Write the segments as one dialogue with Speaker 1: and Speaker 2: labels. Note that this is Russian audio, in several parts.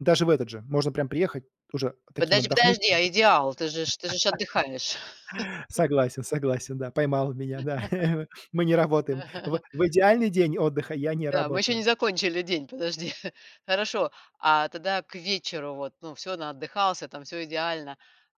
Speaker 1: Даже в этот же можно прям приехать, уже таким
Speaker 2: Подожди
Speaker 1: отдохнувшим.
Speaker 2: подожди, а идеал? Ты же ж ты же ж отдыхаешь.
Speaker 1: Согласен, согласен, да, поймал меня, да, мы не работаем. В в идеальный день отдыха я не
Speaker 2: Да, мы ещё не
Speaker 1: работаю.
Speaker 2: закончили день, подожди. Хорошо. А тогда к вечеру вот, ну, всё наотдыхался там, всё идеально.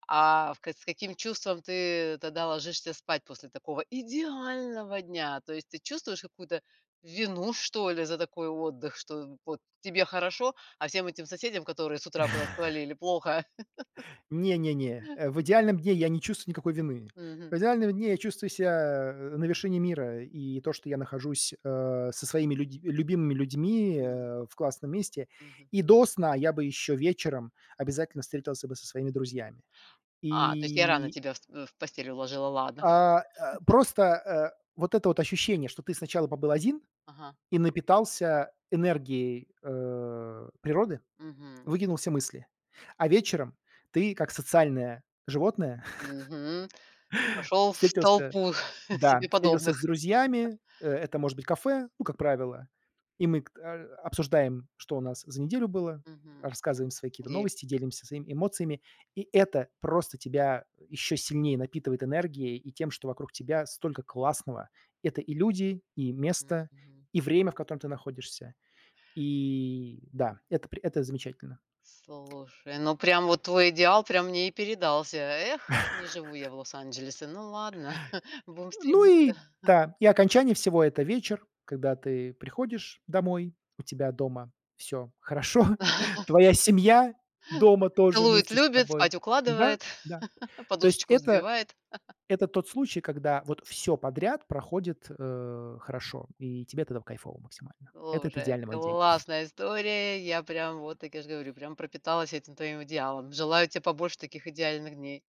Speaker 2: А в к с каким чувством ты тогда ложишься спать после такого идеального дня? То есть, ты чувствуешь какую-то вину что ли за такой отдых, что вот тебе хорошо, а всем этим соседям, которые с утра куда-то свалили, плохо?
Speaker 1: Не не не, э, в идеальном дне я не чувствую никакой вины.
Speaker 2: Мгм.
Speaker 1: В идеальном дне я чувствую ся на вершине мира, и то, что я нахожусь, э, со своими люди любимыми людьми,
Speaker 2: М.
Speaker 1: э, в классном месте.
Speaker 2: Мгм.
Speaker 1: И до сна я бы ещё вечером обязательно встретился бы со своими друзьями.
Speaker 2: А, то есть я рано
Speaker 1: И
Speaker 2: тебя с в в постель уложила, ладно. Хар
Speaker 1: А а просто, э, вот это вот ощущение, что ты сначала побыл один
Speaker 2: Ага.
Speaker 1: и напитался энергией, э, природы,
Speaker 2: Мгм.
Speaker 1: выкинул все мысли. А вечером ты, как социальное животное,
Speaker 2: Мгм. Пошёл в
Speaker 1: встретился,
Speaker 2: толпу себе
Speaker 1: да, встретился с
Speaker 2: подобных.
Speaker 1: друзьями. Э, это может быть кафе, ну, как
Speaker 2: Мгм.
Speaker 1: правило, и мы кт а обсуждаем, что у нас за неделю было,
Speaker 2: Мгм.
Speaker 1: рассказываем свои какие-то
Speaker 2: Дерь
Speaker 1: новости, делимся своими эмоциями. И это просто тебя ещё сильнее напитывает энергией и тем, что вокруг тебя столько классного. Это и люди, и
Speaker 2: М,
Speaker 1: место,
Speaker 2: мгм.
Speaker 1: и время, в котором ты находишься. И да, это при это замечательно.
Speaker 2: Слушай, ну прям вот твой идеал прям мне и передался. Эх, не живу я в Лос-Анджелесе. Ну ладно, будем
Speaker 1: Ну
Speaker 2: стремиться.
Speaker 1: и да, и окончание всего это вечер, когда ты приходишь домой, у тебя дома всё хорошо, твоя семья дома тоже
Speaker 2: Целует и
Speaker 1: вместе с
Speaker 2: любит,
Speaker 1: тобой.
Speaker 2: спать
Speaker 1: Да,
Speaker 2: укладывает,
Speaker 1: да. То есть
Speaker 2: подушечку
Speaker 1: это
Speaker 2: взбивает.
Speaker 1: это тот случай, когда вот всё подряд проходит, э, хорошо. И тебе тогда в кайфово максимально. Это это
Speaker 2: Слушай,
Speaker 1: идеальный мой день.
Speaker 2: классная история. Я прям, вот так я же говорю, прям пропиталась этим твоим идеалом. Желаю те побольше таких идеальных дней.